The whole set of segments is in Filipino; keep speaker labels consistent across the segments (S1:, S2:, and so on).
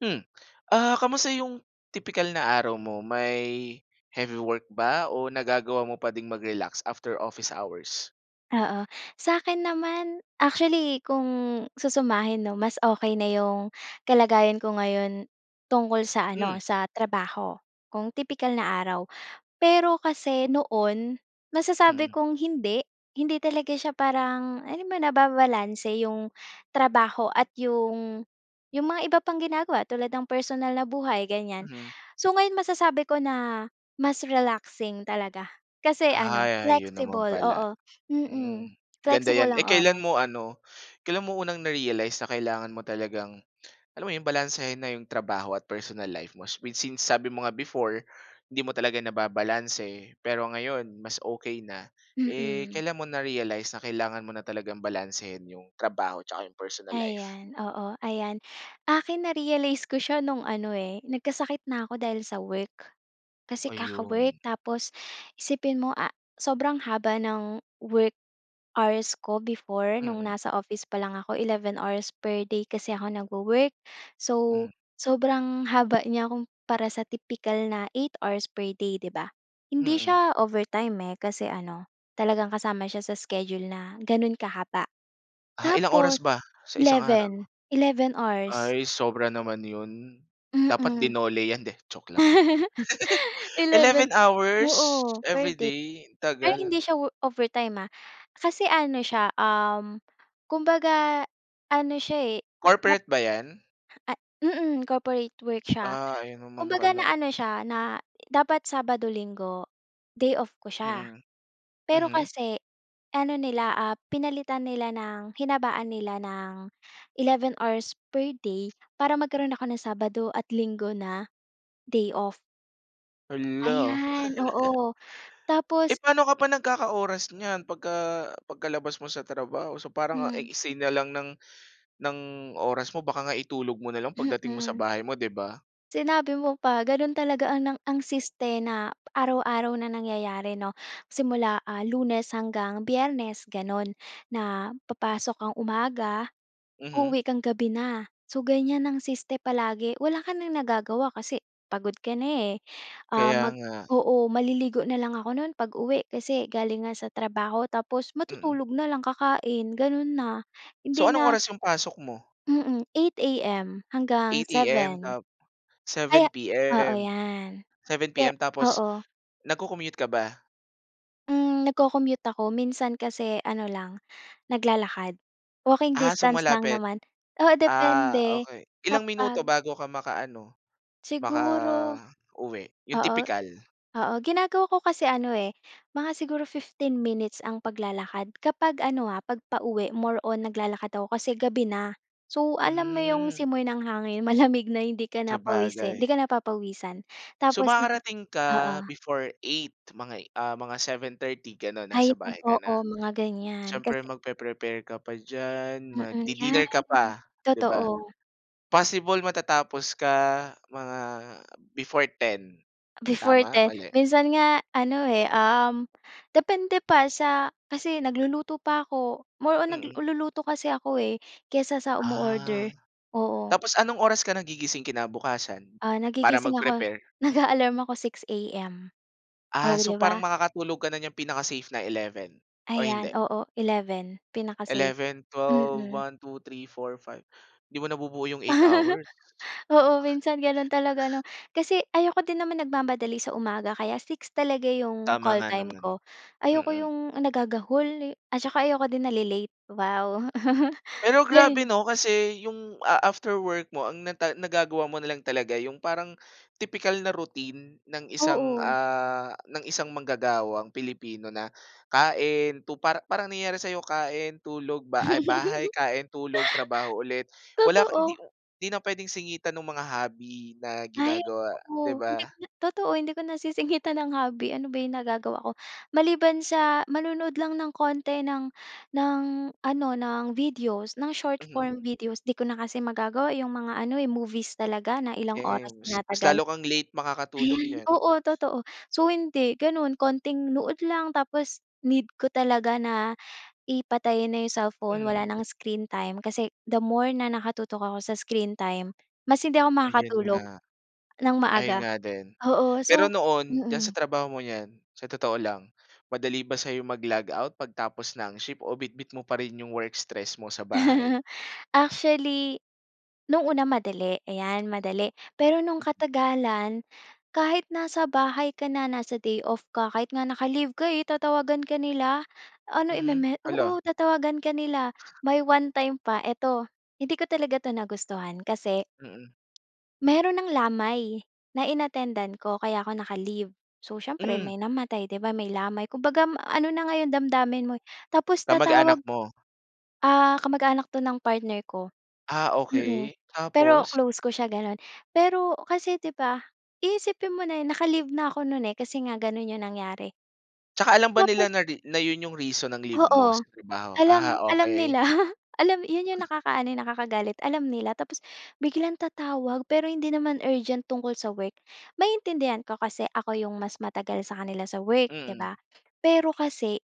S1: Hmm. Ah, kamusta yung, tipikal na araw mo may, heavy work ba o nagagawa mo pa din mag-relax after office hours?
S2: Oo. Sa'kin naman actually kung susumahin, 'no, mas okay na 'yong kalagayan ko ngayon, tungkol sa ano
S1: Hmm.
S2: sa trabaho, kung tipikal na araw. Pero kasi noon, masasabi
S1: Mm.
S2: kong hindi. Hindi talaga siya parang alam mo nababalanse 'yong, trabaho at 'yong, 'yong mga iba pang ginagawa tulad ng personal na buhay ganiyan.
S1: Mhm.
S2: So ngayon masasabi ko na, mas relaxing talaga. Kasi ano
S1: Ah, yo 'yon naman
S2: flexible
S1: pala.
S2: oo. Mm.
S1: Hmm, ganda
S2: Flexible
S1: 'yan. Eh
S2: ang
S1: kailan
S2: oras.
S1: mo ano, kailan mo unang na-realize na kailangan mo talagang alam mo 'yon balansehin na 'yong trabaho at personal life mo since sabi mo nga before, hindi mo talaga nababalanse pero ngayon mas okey na. Eh
S2: Mm.
S1: kailan mo na-realize na kailangan mo na talagang balansehin 'yong trabaho 'tsaka 'yong personal life?
S2: Ayan, oo, ayan. Akin na-realize ko siya no'ng ano, eh, nagkasakit na ako dahil sa work. Kasi
S1: Ayun.
S2: kaka-work tapos, isipin mo, ah, sobrang haba ng work hours ko before no'ng
S1: Mm.
S2: nasa office pa lang ako 11 hours per day kasi ako nagwo-work. So,
S1: Mhm.
S2: sobrang haba niya kung para sa tipikal na 8 hours per day, 'di ba? Hindi
S1: Mm.
S2: siya overtime, eh, kasi ano, talagang kasama siya sa schedule na gano'n kahaba.
S1: Ah, ilang oras
S2: Tapos,
S1: ba? Sa isang araw.
S2: 11, 11 hours.
S1: Ay sobra naman 'yon. Dapat
S2: Mm.
S1: dinole 'yan eh. 'Di joke lang.
S2: 11.
S1: 11 hours?
S2: Oo per day.
S1: Everyday,
S2: Pero
S1: tagal.
S2: hindi siya wo overtime ha, kasi ano siya, uhm, kumbaga ano siya, eh. Nap
S1: Corporate ba 'yan?
S2: at mm, corporate work siya.
S1: Ah, ayun naman
S2: Kumbaga
S1: pala.
S2: na-ano siya na dapat Sabado, Linggod, ay off ko siya.
S1: Mm.
S2: Pero
S1: Mhm.
S2: kasi ano nila, ah, pinalitan nila ng, hinabaan nila ng, 11 hours per day para magkaroon ako ng Sabado at Linggo na, day off.
S1: Hala.
S2: Ayan, oo.
S1: Eh,
S2: Tapos
S1: pa'no ka pa nagkaka-oras niyan? 'Pag ka, pagkalabas mo sa trabaho so parang ang
S2: Hmm.
S1: iksi na lang ng ng oras mo baka nga itulog mo na lang pagdating mo sa
S2: Mm.
S1: bahay mo, 'di ba?
S2: Sinabi mo pa, ganon talaga ang ng ang siste na araw-araw na nangyayari 'no, simula, ah, Lunes hanggang Biyernes, ganon. Na, papasok kang umaga,
S1: Mhm.
S2: uuwi kang gabi na. So, ganyan ang siste palagi, wala ka nang nagagawa kasi pagod ka na, eh. Ah,
S1: Kaya
S2: mag
S1: nga.
S2: oo, maliligo na lang ako no'n 'pag-uwi kasi galing nga sa trabaho tapos
S1: Mm.
S2: matutulog na lang kakain, ganon na,
S1: So,
S2: hindi
S1: anong
S2: na
S1: oras yung pasok mo?
S2: Mm, 8 AM hanggang
S1: Eight AM
S2: 7.
S1: tap
S2: Aya
S1: 7
S2: oo
S1: PM.
S2: 'yan.
S1: Seven
S2: Kaya
S1: PM, tapos
S2: oo.
S1: nagko-commute ka ba?
S2: Hmm, nagko-commute ako, minsan kasi ano lang naglalakad. Walking
S1: Ah, so
S2: distance lang
S1: malapit.
S2: naman oo,
S1: Ah,
S2: depende
S1: okey, ilang
S2: kapag
S1: minuto bago ka makaano,
S2: Siguro
S1: makauwi, 'yung
S2: oo.
S1: tipikal?
S2: Oo, ginagawa ko kasi ano, eh, mga siguro 15 minutes ang paglalakad kapag ano, ha, kapag pauwi, more on naglalakad ako kasi gabi na. So, alam mo 'yong
S1: Hmm.
S2: simoy ng hangin malamig na hindi ka na pawisin, hindi
S1: Sabagay.
S2: ka na papawisan
S1: So
S2: tapos na
S1: makakarating ka
S2: oo.
S1: before 8, mga, ah, 7:30 ganon nasa
S2: Ayun,
S1: bahay ka
S2: oo,
S1: na.
S2: mga ganyan,
S1: Siyempre
S2: kasi
S1: magpre-prepare ka pa diyan,
S2: Mm, 'yan
S1: magdi-dinner ka pa, 'di ba?
S2: totoo.
S1: Possible matatapos ka mga before 10,
S2: Before
S1: tama,
S2: 10,
S1: mali?
S2: minsan nga ano, eh, um, depende pa, sa kasi nagluluto pa 'ko. More on
S1: Mm.
S2: nagluluto kasi ako, eh, kaysa sa
S1: Ah,
S2: umo-order. Oo.
S1: tapos anong oras ka nagigising kinabukasan?
S2: Ah,
S1: Para
S2: nagigising ako.
S1: mag-prepare.
S2: Nag-a-alarm ako 6 AM. Oh,
S1: Ah, so
S2: 'di
S1: parang
S2: ba.
S1: makakatulog ka na niyang pinaka-safe na 11 o hindi?
S2: Ayan, oo 11 pinaka-safe.
S1: Eleven, 12,
S2: Mm.
S1: 1, 2, 3, 4, 5, 'di mo nabubuo 'yong 8 hours.
S2: Oo, minsan ganon talaga 'no, kasi ayoko din naman nagmamadali sa umaga kaya 6 talaga 'yong
S1: Tama
S2: call
S1: nga
S2: time
S1: naman,
S2: ko. Ayoko
S1: mm.
S2: 'yong nagagahol eh, at saka ayoko din nale-late. Wow!
S1: Pero grabe
S2: 'Yun.
S1: 'no kasi yung a after work mo ang na ta nagagawa mo nalang talaga yung parang tipikal na routine ng isang,
S2: Oo.
S1: ah, ng isang manggagawang Pilipino na, kain tu para parang nangyari sa kain, tulog, ba ay bahay kain, tulog, trabaho ulit, wala ka hindi
S2: Totoo.
S1: hindi na pwedeng singitan nung mga hobby na
S2: Ay,
S1: ginagawa, 'di
S2: totoo. Hindi
S1: ba?
S2: ko na totoo, hindi ko nasisingitan ng hobby ano ba 'yong nagagawa ko. Maliban sa manonood lang ng konti ng ng ano, ng videos ng short
S1: Mhm.
S2: form videos 'di ko na kasi magagawa 'yong mga ano, eh, movies talaga na ilang oras
S1: Kems, mas
S2: tinatagal.
S1: lalo kang late makakatulog
S2: Ayan,
S1: niyan.
S2: oo totoo. So hindi ganun konting nood lang, tapos need ko talaga na i patayin na 'yong cellphone,
S1: Mm.
S2: wala nang screen time kasi the more na nakatutok ako sa screen time mas hindi ako
S1: Ayun
S2: makakatulog
S1: nga.
S2: ng
S1: Ayun
S2: maaga,
S1: nga din.
S2: oo.
S1: Pero
S2: So
S1: noon, diyan
S2: mm.
S1: sa trabaho mong yan, sa totoo lang. Madali ba sa'yo mag-logout pagtapos ng shift o bitbit mo pa rin 'yung work stress mo sa bahay?
S2: Actually, nung una madali, ayan, madali. Pero nung
S1: Mm.
S2: katagalan, kahit nasa bahay ka na, nasa day off ka, kahit nga naka-leave ka, eh tatawagan ka nila. Ano,
S1: Mhm,
S2: i-meme
S1: hala!
S2: oo, tatawagan ka nila. May one-time pa eto, hindi ko talaga ito nagustuhan kasi
S1: Mm.
S2: meron ng lamay, na in-attend-an ko kaya 'ko naka-leave. So, siyempre
S1: Hmm!
S2: may namatay, 'di ba may lamay, kumbaga ma ano na nga 'yung damdamin mo eh, tapos tatawag
S1: Kamag-anak mo?
S2: ah, kamag-anak 'to ng partner ko.
S1: Ah,
S2: Mm,
S1: okey
S2: pero
S1: tapos?
S2: close ko siya, ganon. Pero, kasi 'di ba, iisipin mo na 'yun naka-leave na ako non, eh, kasi nga gano'n 'yong nangyari.
S1: 'Tsaka alam ba
S2: Tapos
S1: nila na re na 'yun, 'yung reason ng leave mo
S2: Oo,
S1: sa trabaho?
S2: alam
S1: Ah
S2: alam
S1: okey.
S2: nila. Alam 'yon 'yong nakakaano, eh, nakakagalit. Alam nila, tapos biglang tatawag pero hindi naman urgent tungkol sa work. Maiintindihan ko kasi ako 'yong mas matagal sa kanila sa work, 'di
S1: Mm.
S2: ba. Pero kasi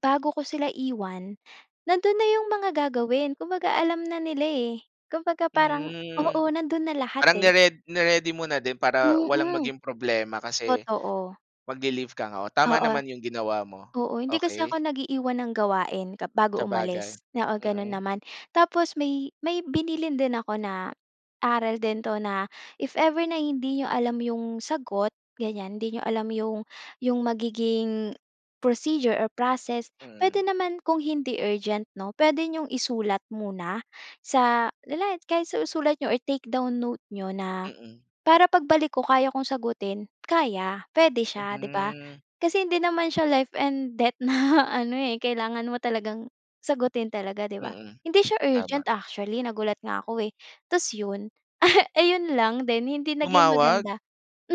S2: bago ko sila iwan, nandon na 'yong mga gagawin, kumbaga alam na nila, eh. Kumbaga parang
S1: Hmm,
S2: oo, nandoon na lahat
S1: parang
S2: eh.
S1: ni-red ni-ready mo na din para walang
S2: Mm.
S1: maging problema kasi
S2: Totoo.
S1: magli-leave ka nga. O, tama
S2: Oo.
S1: naman 'yong ginawa mo.
S2: Oo, hindi kasi
S1: Okey.
S2: ako nag-iiwan ng gawain kap bago
S1: Sabagay,
S2: umalis oo, ganon
S1: mm.
S2: naman. Tapos may may binilin din ako na, aral din 'to na if ever na hindi niyo alam 'yong sagot, ganyan, hindi niyo alam 'yong, 'yong magiging procedure or process, puwede naman kung hindi urgent 'no, puwede niyong isulat muna, sa, le la kahit sa isulat niyo or take down notes niyo, na
S1: Mm.
S2: para pagbalik ko kaya kong sagutin kaya, puwede siya 'di ba.
S1: Mhm.
S2: Kasi hindi naman siya life and death na ano, eh, kailangan mo talagang sagutin talaga, 'di ba.
S1: Mm,
S2: Hindi siya
S1: tama.
S2: urgent actually nagulat nga ako, eh. Tas 'yon, ayon lang din, hindi naging
S1: Tumawag?
S2: maganda.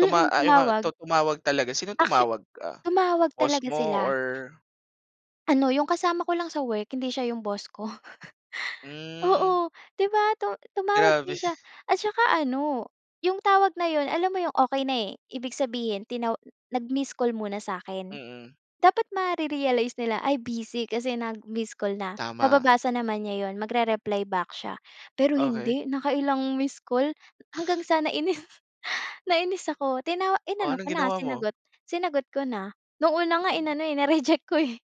S1: Tuma ah, ayun nga tu
S2: tumawag.
S1: tumawag talaga, sinong
S2: Actu
S1: tumawag, ah,
S2: tumawag
S1: boss
S2: talaga
S1: mo
S2: sila.
S1: or?
S2: Ano, yung kasama ko lang sa work hindi siya yung boss ko.
S1: Hmm.
S2: Oo, 'di ba, tu tumawag
S1: Grabe.
S2: din siya at saka ano, 'yong tawag na 'yon alam mo 'yong okey na, eh, ibig sabihin tinaw nag-missed call muna sa'kin.
S1: Mm.
S2: Dapat mare-realize nila, ay, busy kasi nag-missed call na,
S1: Tama.
S2: mababasa naman niya 'yon, magre-reply back siya. Pero
S1: Okey.
S2: hindi, nakailang missed call, hanggang sana nainis, nainis ako, tina
S1: O,
S2: inano ko
S1: anong
S2: na,
S1: ginawa mo?
S2: sinagot sinagot ko na. Noong una nga
S1: Mhm.
S2: inano, eh, na-reject ko, eh.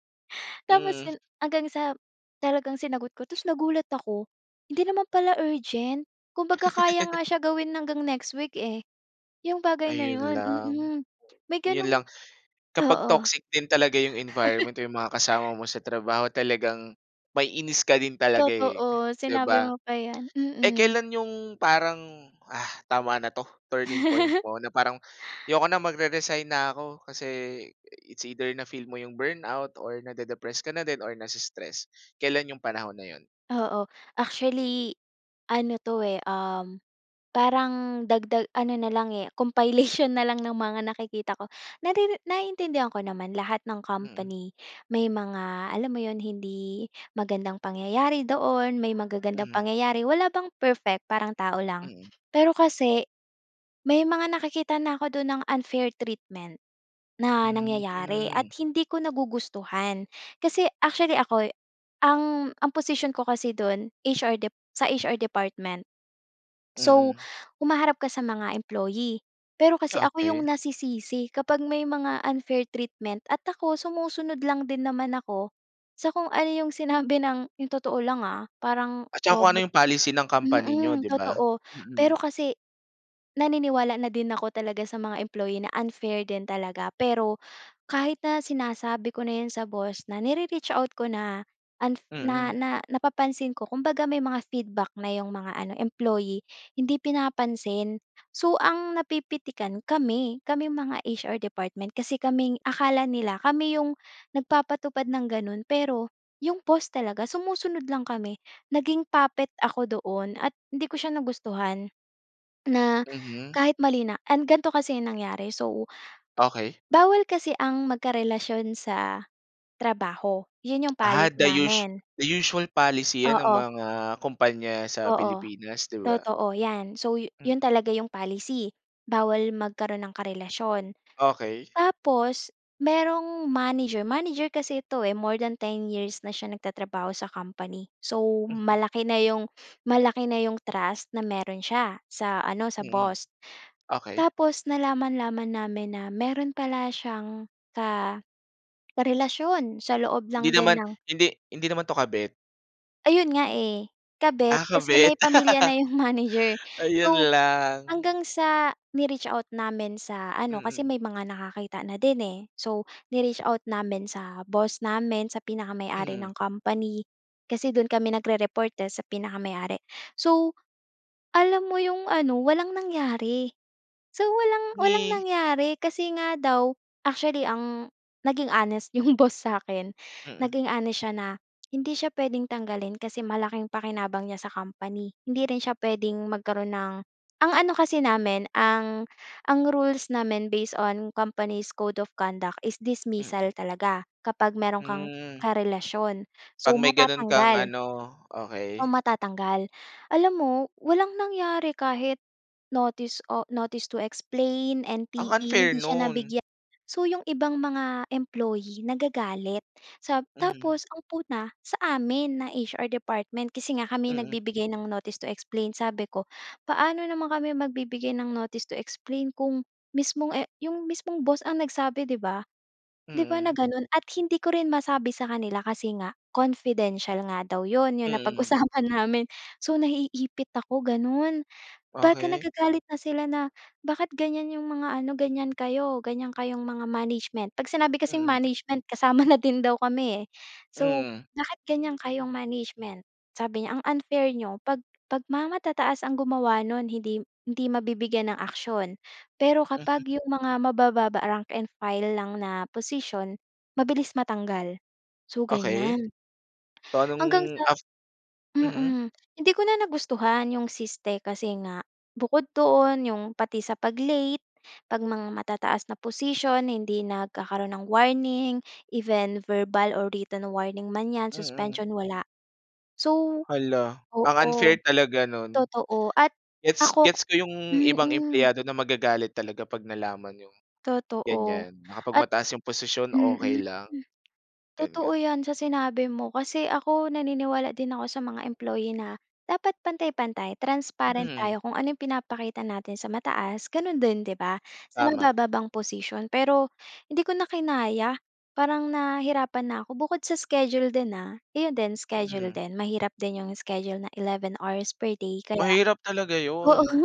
S2: Tapos
S1: Hmm.
S2: 'yon hanggang sa talagang sinagot ko, tas nagulat ako, hindi naman pala urgent. Kumbaga, kaya nga siya gawin hanggang next week, eh, yung bagay na
S1: Ayun
S2: 'yon,
S1: lang.
S2: mm. May
S1: 'Yun lang,
S2: ganong
S1: kapag
S2: oo.
S1: toxic din talaga 'yung environment o yung mga kasama mo sa trabaho, talagang maiinis ka din talaga, eh,
S2: Totoo,
S1: 'di
S2: sinabi
S1: ba?
S2: mo pa yan.
S1: Eh,
S2: Mm.
S1: kailan 'yong parang, ah, tama na 'to, turning point mo na parang, ayoko na magre-resign na ako. Kasi, it's either na feel mo 'yong burnout or nade-depress ka na din, or na-stress, kailan 'yong panahon na 'yon?
S2: Oo, actually ano 'to, eh, um, parang dagdag ano na lang eh compilation na lang ng mga nakikita ko. Nariri naiintindihan ko naman lahat ng
S1: Mm.
S2: company, may mga alam mo 'yon hindi magandang pangyayari doon, may magagandang
S1: Mhm.
S2: pangyayari. Wala bang perfect, parang tao lang.
S1: Mm.
S2: Pero kasi, may mga nakikita na ako doon ng unfair treatment na nangyayari at
S1: Mhm.
S2: hindi ko nagugustuhan. Kasi actually, ako'y, ang ang posisyon ko kasi dun HR Dep sa HR department. So,
S1: Mm.
S2: humaharap ka sa mga employee. Pero kasi ako yung
S1: Okey.
S2: nasisisi kapag may mga unfair treatment at ako sumusunod lang din naman ako, sa kung ano 'yong sinabi ng 'yong totoo lang, ah, parang
S1: At saka kung ano
S2: robot
S1: yung policy ng company niyo,
S2: mm,
S1: 'di ba?
S2: totoo. Pero
S1: Mm.
S2: kasi, naniniwala na din ako talaga sa mga employee na unfair din talaga. Pero, kahit na sinasabi ko na 'yon sa boss, na nire-reach out ko na unf na
S1: Mm.
S2: na napapansin ko, kumbaga, may mga feedback na 'yong mga ano employee, hindi pinapansin. So, ang napipitikan kami, kaming mga HR department, kasi kaming akala nila kami 'yong nagpapatupad nang gano'n, pero 'yong boss talaga, sumusunod lang kami. Naging puppet ako doon at hindi ko siya nagustuhan, na,
S1: Mhm.
S2: kahit mali na. An gan'to kasi yung nangyari so
S1: Okey.
S2: bawal kasi ang magkarelasyon sa trabaho, 'yun 'yung
S1: Ah,
S2: policy
S1: the us
S2: namin.
S1: the usual policy 'yan ng
S2: Oo.
S1: mga kumpanya sa
S2: Oo
S1: Pilipinas, 'di ba?
S2: totoo, 'yan, so, yu
S1: Mm.
S2: 'yon talaga 'yong policy. Bawal magkaroon ng karelasyon.
S1: Okey.
S2: Tapos, merong manager, manager kasi ito, eh, more than 10 years na siya nagtatrabaho sa company. So,
S1: Mhm.
S2: malaki na 'yong malaki na iyong trust na meron siya sa ano, sa
S1: Mm.
S2: boss.
S1: Okey.
S2: Tapos nalaman-laman namin na meron pala siyang ka karelasyon sa loob
S1: Hindi
S2: lang din
S1: naman,
S2: ng
S1: hindi hindi naman 'to kabet?
S2: Ayon nga eh, kabit,
S1: Ah,
S2: kasi may
S1: kabit.
S2: pamilya na 'yong manager.
S1: Ayon
S2: So
S1: lang.
S2: hanggang sa ni-reach out namin sa ano kasi
S1: Mm.
S2: may mga nakakita na din, eh. So ni-reach out namin sa boss namin, sa pinakamay-ari ng
S1: Mhm.
S2: company kasi do'n kami nagre-report eh, sa pinakamay-ari. So alam mo 'yong ano, walang nangyari. So walang walang
S1: Ngi.
S2: nangyari kasi nga daw actually ang naging honest 'yong boss sa'kin,
S1: Mm.
S2: naging honest siya na hindi siya puwedeng tanggalin kasi malaking pakinabang niya sa company. Hindi rin siya puwedeng magkaroon ng ang ano kasi namin ang ang rules namin based on company's code of conduct is dismissal
S1: Mm.
S2: talaga kapag meron kang
S1: Hmm.
S2: karelasyon. So
S1: 'Pag may gano'n kang
S2: matatanggal.
S1: ano,
S2: So
S1: okey.
S2: matatanggal. Alam mo, walang nangyari kahit notice o notice to explain,
S1: Ang
S2: NTE,
S1: unfair
S2: hindi siya
S1: no'n.
S2: nabigyan. So 'yong ibang mga employee nagagalit, sa
S1: Mhm.
S2: tapos ang puna sa amin, na HR department kasi nga kami 'yong
S1: Mm.
S2: nagbibigay ng notice to explain. Sabi ko, "Paano naman kami magbibigay ng notice to explain kung mismong e 'yong mismong boss ang nagsabi, 'di ba? 'Di ba na
S1: Mm.
S2: gano'n at hindi ko rin masabi sa kanila kasi nga confidential nga daw 'yon, 'yong
S1: Mm.
S2: napag-usapan namin. So naiipit ako gano'n, baka
S1: Okey.
S2: nagagalit na sila na, "Bakit ganyan 'yong mga ano, ganyan kayo, ganyan kayong mga management." 'Pag sinabi kasing
S1: Mm.
S2: management kasama na din daw kami eh. So,
S1: Mm.
S2: "Bakit ganyan kayong management" sabi niya, "Ang unfair n'yo 'pag 'pag mga matataas ang gumawa no'n hindi hindi mabibigyan ng aksiyon pero kapag
S1: Mhm.
S2: 'yong mga mabababa, rank and file lang na posisyon mabilis matanggal." So
S1: Okey.
S2: ganyan.
S1: So anong
S2: Hanggang sa
S1: af Mhm.
S2: mm, hindi ko na nagustuhan yung siste kasi nga bukod doon, yung pati sa pag late, 'pag mga matataas na posisyon hindi nagkakaroon ng warning even verbal or written warning man 'yan,
S1: Mm.
S2: suspension wala. So
S1: Hala. Ang
S2: oo,
S1: unfair talaga no'n.
S2: totoo. At
S1: Gets
S2: ako
S1: gets ko 'yong ibang
S2: mm.
S1: empleyado na magagalit talaga 'pag nalaman 'yong
S2: Totoo
S1: ganyan na kapag
S2: at
S1: mataas 'yong posisyon okey
S2: mm.
S1: lang. 'Yon nga.
S2: Totoo 'yan, sa sinabi mo, kasi ako naniniwala din ako sa mga employee na dapat pantay-pantay. Transparent
S1: Mm.
S2: tayo kung ano 'yong pinapakita natin sa mataas, gano'n din 'di ba, sa
S1: Tama.
S2: mabababang posisyon pero hindi ko na kinaya. Parang nahirapan na ako, bukod sa schedule din ha. 'Yon din schedule
S1: Mhm.
S2: din, mahirap din 'yong schedule na 11 per day kaya
S1: Mahirap talaga
S2: oo.
S1: 'yon.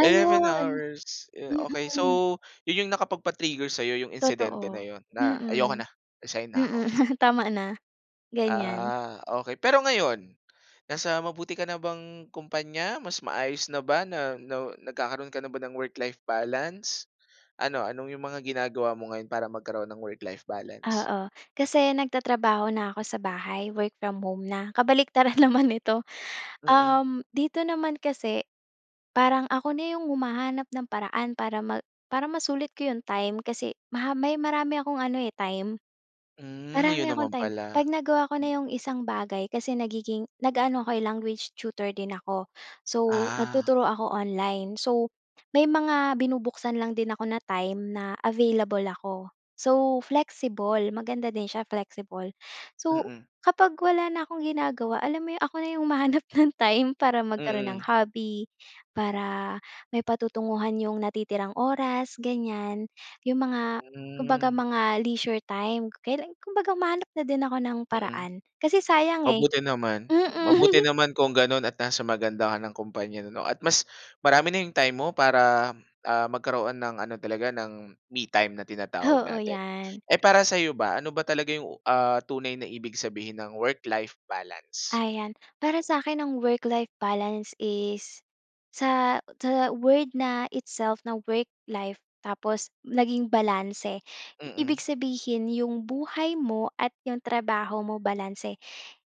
S1: 11 hours. Okey.
S2: Mm.
S1: So 'yon 'yong nakapagpa-trigger sa'yo, 'yong insidente na
S2: Totoo.
S1: 'yon na "Ayoko
S2: Mm,
S1: na, resign na ako."
S2: mm. Tama na, ganyan.
S1: Ah, okey. Pero ngayon, nasa mabuti ka na bang kumpanya? Mas maayos na ba na nagkakaroon ka na ba ng work-life balance? Ano ano 'yong mga ginagawa mo ngayon para magkaroon ng work-life balance?
S2: Oo, kasi nagtatrabaho na ako sa bahay, work from home na. Kabaliktaran naman ito,
S1: Mm.
S2: uhm, dito naman kasi parang ako na 'yong humahanap ng paraan para ma para masulit ko 'yong time. Kasi maha may marami akong ano eh, time.
S1: Hmm, 'yon
S2: Marami akong
S1: naman
S2: time, 'pag
S1: pala.
S2: nagawa ko na 'yong isang bagay, kasi nagiging nag-aano ako eh, language tutor din ako. So
S1: Ah.
S2: nagtuturo ako online. So may mga binubuksan lang din ako na time na available ako. So flexible, maganda din siya, flexible. So
S1: Mm.
S2: kapag wala na akong ginagawa alam mo 'yong ako na 'yong humahanap ng time para magkaroon ng
S1: Mm.
S2: hobby, para may patutunguhan 'yong natitirang oras, ganyan. 'Yong mga kumbaga
S1: Hmm.
S2: mga leisure time, kailan kumbaga humahanap na din ako ng
S1: Mm.
S2: paraan kasi sayang eh.
S1: Mabuti naman, mabuti
S2: Mm.
S1: naman kung gano'n at nasa maganda ka ng kompanya 'no at mas marami na 'yong time mo para, ah, magkaroon ng ano talaga ng, me time na tinatawag
S2: Oo,
S1: natin.
S2: 'yan.
S1: Eh para sa'yo ba, ano ba talaga 'yong ah tunay na ibig sabihin ng work-life balance?
S2: Ayan, para sa'kin ang work-life balance is sa sa- word na itself na work-life tapos naging balanse, ibig
S1: Mm.
S2: sabihin 'yong buhay mo at 'yong trabaho mo balanse.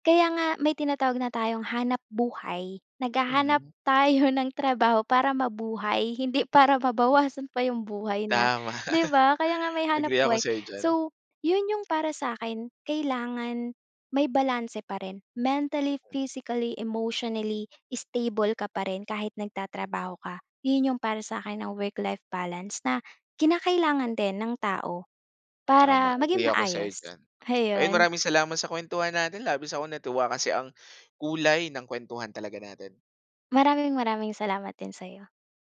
S2: Kaya nga may tinatawag na tayong hanap buhay, naghahanap
S1: Mhm.
S2: tayo ng trabaho para mabuhay hindi para mabawasan pa 'yong buhay na
S1: Tama,
S2: 'di ba, kaya nga may hanap
S1: agree ako
S2: buhay.
S1: sa'yo diyan.
S2: So 'yon 'yong para sa akin kailangan may balanse pa rin. Mentally,
S1: Mm.
S2: physically, emotionally stable ka pa rin kahit nagtatrabaho ka. 'Yon 'yong para sa akin ang work-life balance, na kinakailangan din ng tao
S1: Tama.
S2: para maging
S1: Agree ako sa'yo
S2: maayos,
S1: diyan. Ayon
S2: ayon.
S1: maraming salamat sa kuwentuhan natin, labis akong natuwa, kasi ang kulay ng kuwentuhan talaga natin.
S2: Maraming-maraming salamat din sa'yo.